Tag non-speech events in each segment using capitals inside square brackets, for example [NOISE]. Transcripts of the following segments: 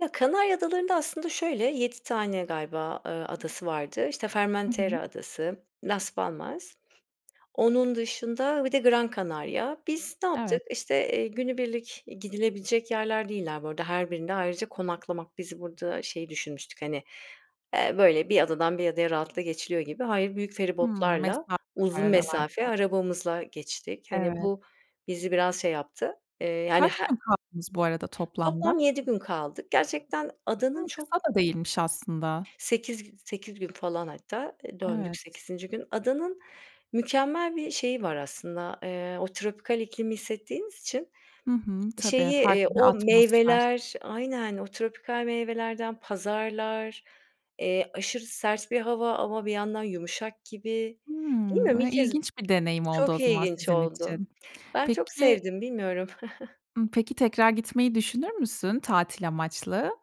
Ya, Kanarya Adaları'nda aslında şöyle, 7 tane galiba, ııı, adası vardı. İşte, Hı hı. Formentera adası, Las Palmas. Onun dışında bir de Gran Canaria. Biz ne yaptık? Evet. İşte, eee günübirlik gidilebilecek yerler değiller bu arada, her birinde ayrıca konaklamak Biz burada şeyi düşünmüştük, hani, eee, böyle bir adadan, bir adaya rahatlıkla geçiliyor gibi. Hayır, büyük Hımm, mesa feribotlarla, var uzun mesafe aralarda. arabamızla geçtik. Hani, Evet. bu, bizi biraz şey yaptı, eee, yani, Kaç h gün kaldınız bu arada toplamda? Toplam 7 gün kaldık. Gerçekten Hı, adanın çok kısa da değilmiş aslında. Sekiz gü 8 gün falan hatta eee, döndük Evet. 8. gün. Adanın mükemmel bir şeyi var aslında, eee, o tropikal iklimi hissettiğiniz için, Hı hı. şeyi, Tabii, eee, farklı bir o atmosfer. meyveler Aynen. O tropikal meyvelerden pazarlar, eee, aşırı sert bir hava ama bir yandan yumuşak gibi. Bilmiyorum Hımm, e, ilk kez ilginç bir deneyim oldu o Çok zaman ilginç sizin oldu. için. Ben çok Peki sevdim, bilmiyorum. [CHUCKLES] Imm, peki tekrar gitmeyi düşünür müsün tatil amaçlı?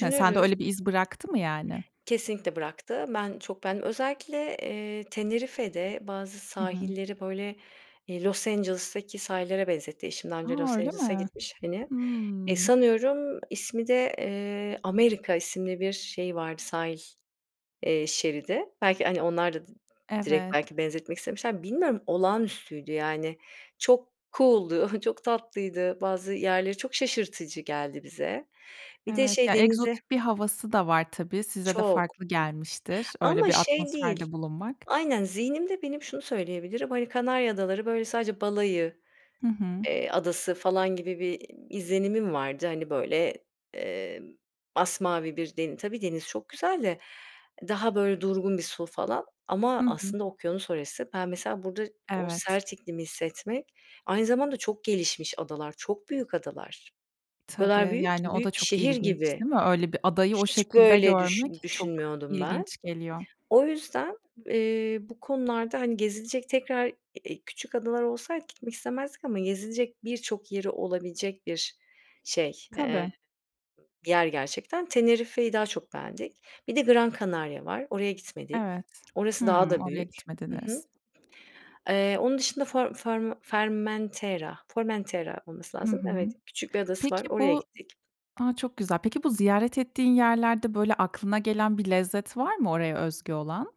Hani, sende öyle bir iz bıraktı mı yani? Kesinlikle bıraktı. Ben çok beğendim. Özellikle, eee, Tenerife'de bazı Hı hı. sahilleri, böyle, eee, Los Angeles'taki sahillere benzetti eşim, daha önce A, Los öyle Angeles'a mi? gitmiş, hani. E, Hımm. sanıyorum ismi de, eee, America isimli bir şeyi vardı, sahil, eee, şeridi. Belki, hani, onlar da d direkt Evet. belki benzetmek istemişlerdir. Bilmiyorum, olağanüstüydü yani çok cool'du, çok tatlıydı. Bazı yerleri çok şaşırtıcı geldi bize. Bir de Evet, şey, ya, denize egzotik bir havası da var tabii, size de Çok. farklı gelmiştir öyle Ama bir şey değil atmosferde bulunmak. Aynen. Zihnimde benim şunu söyleyebilirim, hani, Kanarya Adaları, böyle, sadece balayı, Hı hı. eee, adası falan gibi bir izlenimim vardı, hani, böyle, eee, masmavi bir deni Tabii, deniz çok güzel de. Daha böyle durgun bir su falan ama Hı hı. aslında okyanus orası. Ben mesela burada o Evet. sert iklimi hissetmek Aynı zamanda çok gelişmiş adalar, çok büyük adalar. O kadar Tabii, büyük yani, ki o da büyük bir çok şehir ilginç, gibi. değil mi? Öyle bir adayı o Hiç şekilde böyle düşün görmek çok düşünmüyordum ben. ilginç geliyor. O yüzden, eee, bu konularda, hani, gezilecek tekrar e e küçük adalar olsaydı gitmek istemezdik ama gezilecek birçok yeri olabilecek bir şey, eee, Tabii. bir yer gerçekten. Tenerife'yi daha çok beğendik. Bir de Gran Canaria var. Oraya gitmedik. Evet. Orası daha Hımm, da oraya büyük. Hı hı. gitmediniz. Eee, onun dışında for farm fermentera Formentera olması Hı lazım. Evet, hı. küçük bir adası var. Peki Oraya bu gittik. A, çok güzel. Peki bu ziyaret ettiğin yerlerde, böyle, aklına gelen bir lezzet var mı oraya özgü olan?